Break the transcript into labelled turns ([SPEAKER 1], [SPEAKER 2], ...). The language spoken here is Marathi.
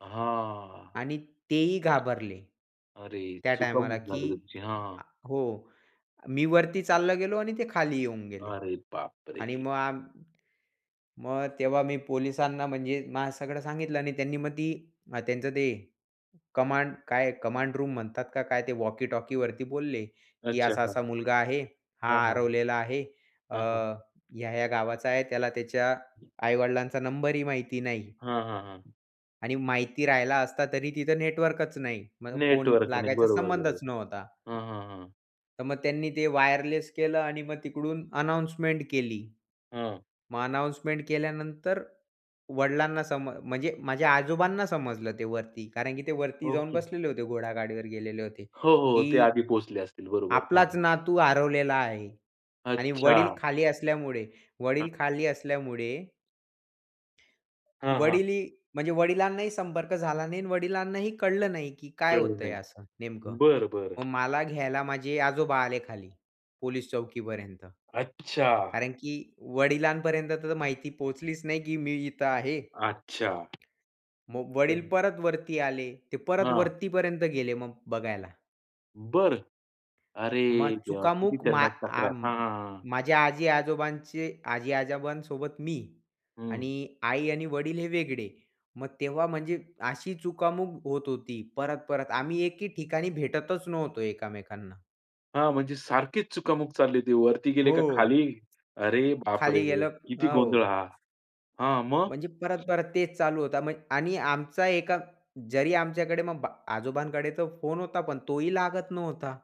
[SPEAKER 1] हां.
[SPEAKER 2] आणि तेही घाबरले,
[SPEAKER 1] अरे,
[SPEAKER 2] त्या टायमाला,
[SPEAKER 1] चुकामुक
[SPEAKER 2] की
[SPEAKER 1] झाली तुमची. हां.
[SPEAKER 2] हो, मी वरती चाललो गेलो आणि ते खाली येऊन गेले.
[SPEAKER 1] अरे
[SPEAKER 2] आणि
[SPEAKER 1] बापरे!
[SPEAKER 2] मग आम मग तेव्हा मी पोलिसांना म्हणजे माझं सगळं सांगितलं आणि त्यांनी मग ती त्यांचं ते कमांड काय कमांड रूम म्हणतात का काय ते वॉकीटॉकीवरती बोलले, की
[SPEAKER 1] अच्छा,
[SPEAKER 2] असा
[SPEAKER 1] हां.
[SPEAKER 2] असा मुलगा आहे.
[SPEAKER 1] हां,
[SPEAKER 2] हा
[SPEAKER 1] हां.
[SPEAKER 2] हरवलेला आहे. अ,
[SPEAKER 1] हां, हां.
[SPEAKER 2] ह्या-ह्या गावाचा आहे. त्याला त्याच्या आई-वडिलांचा नंबर ही माहिती नाही.
[SPEAKER 1] हां, हां, हां.
[SPEAKER 2] आणि माहिती राहिला असता तरी तिथं नेटवर्कचं नाही. मग फोन
[SPEAKER 1] नेटवर्क नाही.
[SPEAKER 2] लागायचा
[SPEAKER 1] बरोबर,
[SPEAKER 2] संबंधच
[SPEAKER 1] बरोबर.
[SPEAKER 2] नव्हता.
[SPEAKER 1] हां, हां, हां.
[SPEAKER 2] तर मग त्यांनी ते वायरलेस केलं आणि मग तिकडून अनाउन्समेंट केली.
[SPEAKER 1] हां.
[SPEAKER 2] मग अनाउन्समेंट केल्यानंतर वडिलांना सम म्हणजे माझ्या आजोबांना समजलं, ते वरती. कारण की ते वरती जाऊन
[SPEAKER 1] ओके.
[SPEAKER 2] बसलेले होते, घोडागाडीवर गेलेले होते.
[SPEAKER 1] हो, हो, ते
[SPEAKER 2] की
[SPEAKER 1] आधी पोहोचले असतील. बरोबर, हां,
[SPEAKER 2] आपलाच
[SPEAKER 1] हां.
[SPEAKER 2] नातू हरवलेला आहे आणि वडील
[SPEAKER 1] अच्छा.
[SPEAKER 2] खाली असल्यामुळे,
[SPEAKER 1] हां.
[SPEAKER 2] वडील खाली असल्यामुळे
[SPEAKER 1] हां, हां.
[SPEAKER 2] वडील ही म्हणजे वडिलांनाही संपर्क झाला नाही आणि वडिलांनाही कळलं नाही, की काय
[SPEAKER 1] कळलं
[SPEAKER 2] होतं आहे
[SPEAKER 1] नाही.
[SPEAKER 2] असं नेमकं?
[SPEAKER 1] बरं, बरं.
[SPEAKER 2] मग मला घ्यायला माझे आजोबा आले खाली, पोलिस चौकीपर्यंत.
[SPEAKER 1] अच्छा.
[SPEAKER 2] कारण की वडिलांपर्यंत तर माहिती पोहोचलीच नाही की मी इथे आहे.
[SPEAKER 1] अच्छा.
[SPEAKER 2] मो वडील
[SPEAKER 1] तर.
[SPEAKER 2] परत वरती आले. ते परत
[SPEAKER 1] हां.
[SPEAKER 2] वरतीपर्यंत गेले मग बघायला.
[SPEAKER 1] बरं. अरे
[SPEAKER 2] मग
[SPEAKER 1] देवा! किती
[SPEAKER 2] चुकामुक मा
[SPEAKER 1] त्यांनाच चकरा.
[SPEAKER 2] आ
[SPEAKER 1] हां, हां, हां.
[SPEAKER 2] माझ्या आजी-आजोबांचे, आजी-आजोबांसोबत मी
[SPEAKER 1] हं.
[SPEAKER 2] आणि आई आणि वडील हे वेगळे. मग तेव्हा म्हणजे अशी चुकामक होत होती. परत-परत आम्ही एके ठिकाणी भेटतच नव्हतो एकामेकांना.
[SPEAKER 1] हां, म्हणजे सारखेच चुकामुक चालली ती वरती गेले
[SPEAKER 2] हो.
[SPEAKER 1] का खाली. "अरे बापरे!
[SPEAKER 2] खाली गेल
[SPEAKER 1] किती
[SPEAKER 2] हो.
[SPEAKER 1] गोंधळ हा?" हां.
[SPEAKER 2] म्हणजे
[SPEAKER 1] मग?
[SPEAKER 2] परत, परत तेच चालू होत म्ह आणि आमचा एका जरी आमच्याकडे मग बा आजोबांकडे तर फोन होता, पण तोही लागत नव्हता.